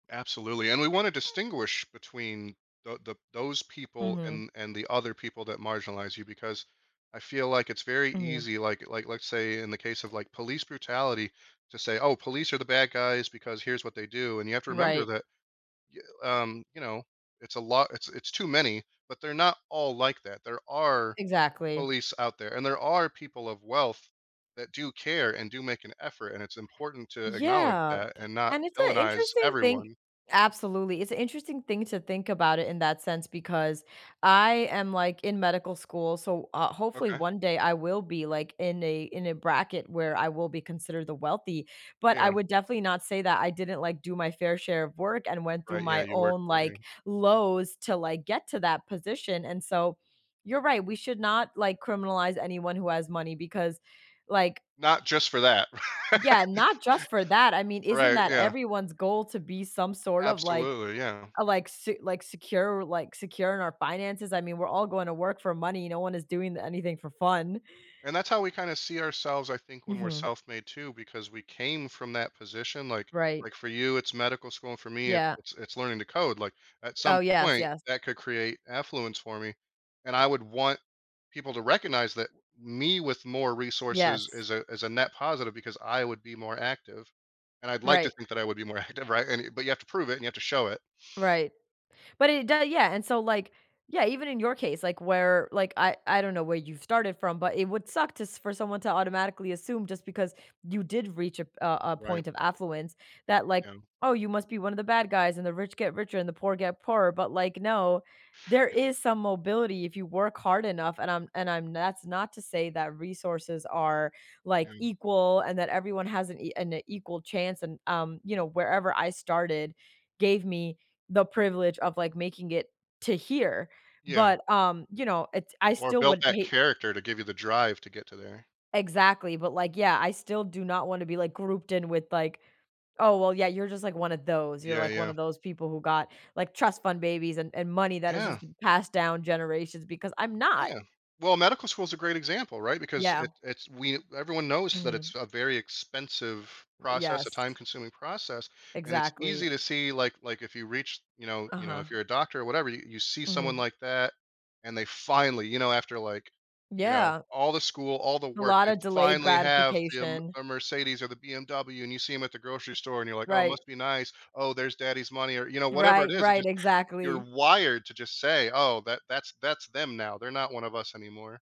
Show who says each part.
Speaker 1: Absolutely, and we want to distinguish between the the those people
Speaker 2: Mhm.
Speaker 1: and and the other people that marginalize you because I feel like it's very
Speaker 2: Mhm.
Speaker 1: easy, like like, let's say in the case of like police brutality to say, "Oh, police are the bad guys because here's what they do", and you have to remember
Speaker 2: Right.
Speaker 1: that, y um, you know, it's a lot it's it's too many, but they're not all like that. There
Speaker 2: E
Speaker 1: are
Speaker 2: Exactly.
Speaker 1: police out there, and there are people of wealth that do care and do make an effort, and it's important to acknowledge
Speaker 2: Yeah,
Speaker 1: that and not
Speaker 2: and it's an
Speaker 1: villainize
Speaker 2: interesting thing
Speaker 1: everyone.
Speaker 2: absolutely, it's an interesting thing to think about it in that sense, because I am, like, in medical school, so, uh, hopefully
Speaker 1: Okay.
Speaker 2: one day I will be like in a in a bracket where I will be considered the wealthy, but I
Speaker 1: Yeah.
Speaker 2: would definitely not say that I didn't like do my fair share of work and went through
Speaker 1: Right, yeah,
Speaker 2: my
Speaker 1: you work
Speaker 2: own,
Speaker 1: for
Speaker 2: like,
Speaker 1: him.
Speaker 2: lows to like get to that position, and so you're right, we should not like criminalize anyone who has money, because like
Speaker 1: Not just for that.
Speaker 2: Yeah, not just for that. I mean, isn't
Speaker 1: Right,
Speaker 2: that
Speaker 1: yeah.
Speaker 2: everyone's goal to be some sort of like
Speaker 1: Absolutely, yeah.
Speaker 2: uh, like s like secure like secure in our finances? I mean, we're all going to work for money, no one is doing anything for fun.
Speaker 1: And that's how we kinda see ourselves, I think, when we're
Speaker 2: Mhm.
Speaker 1: self-made too, because we came from that position like
Speaker 2: Right.
Speaker 1: like for you it's medical school and for me it's
Speaker 2: Yeah.
Speaker 1: it's, it's learning to code like at some
Speaker 2: Oh, yes,
Speaker 1: point
Speaker 2: yes.
Speaker 1: that could create affluence for me and I would want people to recognize that me with more resources
Speaker 2: Yes.
Speaker 1: is a is a net positive because I would be more active and I'd like to
Speaker 2: Right.
Speaker 1: think that I would be more acti right? And but you have to prove it and you have to show it.
Speaker 2: Right, but it doe yeah, and so like, yeah, even in your case, like where, like I I don't know where you started from, but it would suck to s for someone to automatically assume just because you did reach a p a a
Speaker 1: Right.
Speaker 2: point of affluence, that like,
Speaker 1: Yeah.
Speaker 2: "Oh, you must be one of the bad guys and the rich get richer and the poor get poorer.", but like, no, there
Speaker 1: Yep.
Speaker 2: is some mobility, if you work hard enough, and I'm and I'm that's not to say that resources are, like,
Speaker 1: Yeah.
Speaker 2: equal and that everyone has an e an equal chance and, um, you know, wherever I started, gave me the privilege of, like, making it to here,
Speaker 1: Yeah.
Speaker 2: but, um, you know, it's I
Speaker 1: Or
Speaker 2: still
Speaker 1: built
Speaker 2: would
Speaker 1: that
Speaker 2: hate
Speaker 1: character to give you the drive to get to there.
Speaker 2: Exactly, but, like, yeah, I still do not wanna be like grouped in with like, "Oh well, yeah, you're just like one of those, you're,
Speaker 1: Yeah,
Speaker 2: like, one
Speaker 1: yeah.
Speaker 2: of those people who got, like trust fund babies and and money that has just
Speaker 1: Yeah.
Speaker 2: been passed down generations.", because I'm not.
Speaker 1: Yeah. Well, medical school is a great example, right? Because
Speaker 2: Yeah.
Speaker 1: it it's we everyone knows that
Speaker 2: Mhm.
Speaker 1: it's a very expensive process a
Speaker 2: Yes.
Speaker 1: time consuming process, and it's easy
Speaker 2: Exactly.
Speaker 1: to see like like if you reach, you know you know, if
Speaker 2: Uh-huh.
Speaker 1: you're a doctor or whatever, you see someone
Speaker 2: Mhm.
Speaker 1: like that, and they finally, you know, after like, you know,
Speaker 2: Yeah.
Speaker 1: all the school, all the
Speaker 2: A
Speaker 1: work, they
Speaker 2: lotta delayed
Speaker 1: finally have the M
Speaker 2: gratification.
Speaker 1: a Mercedes or the BMW, and you see 'em at the grocery store and you're like, "Oh, it
Speaker 2: Right.
Speaker 1: must be nice. Oh, there's daddy's money.", or, you know, whatever it
Speaker 2: Right,
Speaker 1: is, it
Speaker 2: right,
Speaker 1: just you're
Speaker 2: exactly.
Speaker 1: wired to just say, "Oh, that that's that's them now. They're not one of us anymore."